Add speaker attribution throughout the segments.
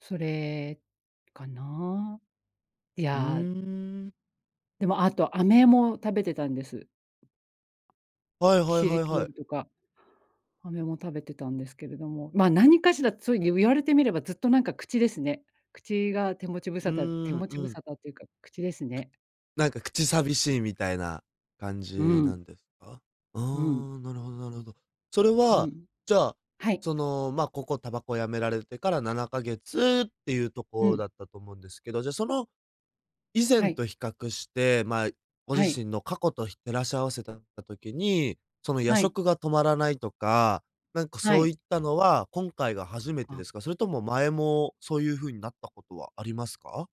Speaker 1: それ、かなあ？い
Speaker 2: うー
Speaker 1: や
Speaker 2: ん。
Speaker 1: でも、あと、飴も食べてたんです。
Speaker 2: はい
Speaker 1: キ
Speaker 2: はい
Speaker 1: シリ
Speaker 2: はい
Speaker 1: トー
Speaker 2: はい。
Speaker 1: ルとか、飴も食べてたんですけれども、ま、何かしら、ついゆゆわれてみればずっとなんか口ですね。口が手持ち無
Speaker 2: う
Speaker 1: 沙
Speaker 2: ー
Speaker 1: 汰、手
Speaker 2: ん、
Speaker 1: 持ち
Speaker 2: う
Speaker 1: 無
Speaker 2: ん。
Speaker 1: 沙汰っていうか、口ですね。
Speaker 2: なんか口寂しいみたいな感
Speaker 1: う
Speaker 2: じな
Speaker 1: ん。
Speaker 2: んですか？あ
Speaker 1: うん。
Speaker 2: あ、なるほどなるほど。それ
Speaker 1: う
Speaker 2: は、
Speaker 1: ん。
Speaker 2: じゃあ、
Speaker 1: はい。
Speaker 2: その、まあここ、煙草止められてから7か月っていうと
Speaker 1: う
Speaker 2: こ
Speaker 1: ん。
Speaker 2: だったと思うんですけど、じゃ、その、以
Speaker 1: は
Speaker 2: 前
Speaker 1: い。
Speaker 2: と比較して、ま、いご
Speaker 1: は
Speaker 2: 自
Speaker 1: い。
Speaker 2: 身の過去と、ひ照らし合わせたた時に、その、夜
Speaker 1: はい。
Speaker 2: 食が止まらないとか、なんか
Speaker 1: は
Speaker 2: そうい
Speaker 1: い。
Speaker 2: ったのは、今回が初めてで
Speaker 1: あ。
Speaker 2: すか？それとも前もそうゆう風になったことはありますか？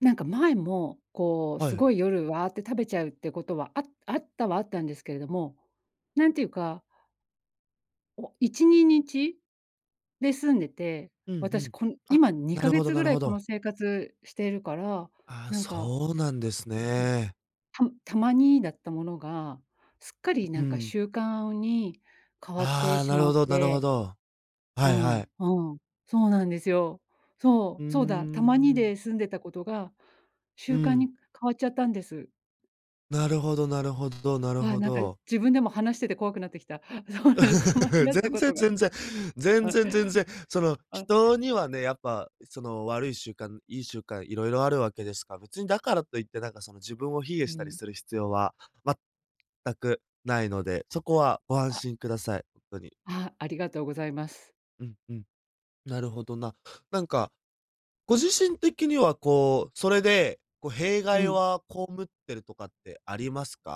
Speaker 1: なんか前も、こう、
Speaker 2: はい、
Speaker 1: す
Speaker 2: え。
Speaker 1: ごい、夜、わーって食べちゃうってことは、ああったはあったんですけれども、なんていうかお1、2日で済んでて、
Speaker 2: うん、ふ
Speaker 1: 私、
Speaker 2: ん。
Speaker 1: こん
Speaker 2: あ、
Speaker 1: 今、に
Speaker 2: な
Speaker 1: か
Speaker 2: る
Speaker 1: げ
Speaker 2: ほど
Speaker 1: つ
Speaker 2: な
Speaker 1: ぐ
Speaker 2: る
Speaker 1: ら
Speaker 2: ほ
Speaker 1: いこの
Speaker 2: ど。
Speaker 1: 生活しているから、
Speaker 2: ああ、
Speaker 1: なんか
Speaker 2: そうなんです
Speaker 1: も、
Speaker 2: ね。
Speaker 1: たむたまにだったものが、すっかり
Speaker 2: う
Speaker 1: なんか
Speaker 2: ん。
Speaker 1: 習慣に変わって
Speaker 2: ああ、
Speaker 1: し
Speaker 2: なる
Speaker 1: ま
Speaker 2: ほ
Speaker 1: っ
Speaker 2: どなるほ
Speaker 1: て
Speaker 2: ど。はいは
Speaker 1: あ
Speaker 2: い。
Speaker 1: あ、ん、そうなんですよ。
Speaker 2: う
Speaker 1: そ
Speaker 2: ー
Speaker 1: う、そうだ、たまに
Speaker 2: ん。
Speaker 1: で済んでたことが、習
Speaker 2: う
Speaker 1: 慣に
Speaker 2: ん。
Speaker 1: 変わっちゃったんです。
Speaker 2: なるほどなるほどなる
Speaker 1: ああ、
Speaker 2: ほ
Speaker 1: なんか
Speaker 2: ど。
Speaker 1: 自分でも話してて怖くなってきた。そうなんです、たまに だった
Speaker 2: 全
Speaker 1: こ
Speaker 2: 然
Speaker 1: とが
Speaker 2: 全然、全
Speaker 1: あ。
Speaker 2: 然全然、その、
Speaker 1: あ。
Speaker 2: 人にはね、やっぱ、その悪い習慣、いい習慣色々あるわけですか、別にだからと言って、なんかその自分を卑下
Speaker 1: う
Speaker 2: したり
Speaker 1: ん。
Speaker 2: する必要は全くないので、そこはご安
Speaker 1: あ。
Speaker 2: 心ください、とに。
Speaker 1: ああ、ありがとうございます。
Speaker 2: うんうん。なるほどな。なんか、ご自身的にはこう、それで、こ、弊
Speaker 1: う
Speaker 2: 害
Speaker 1: ん。
Speaker 2: は被ってるとかってありますか？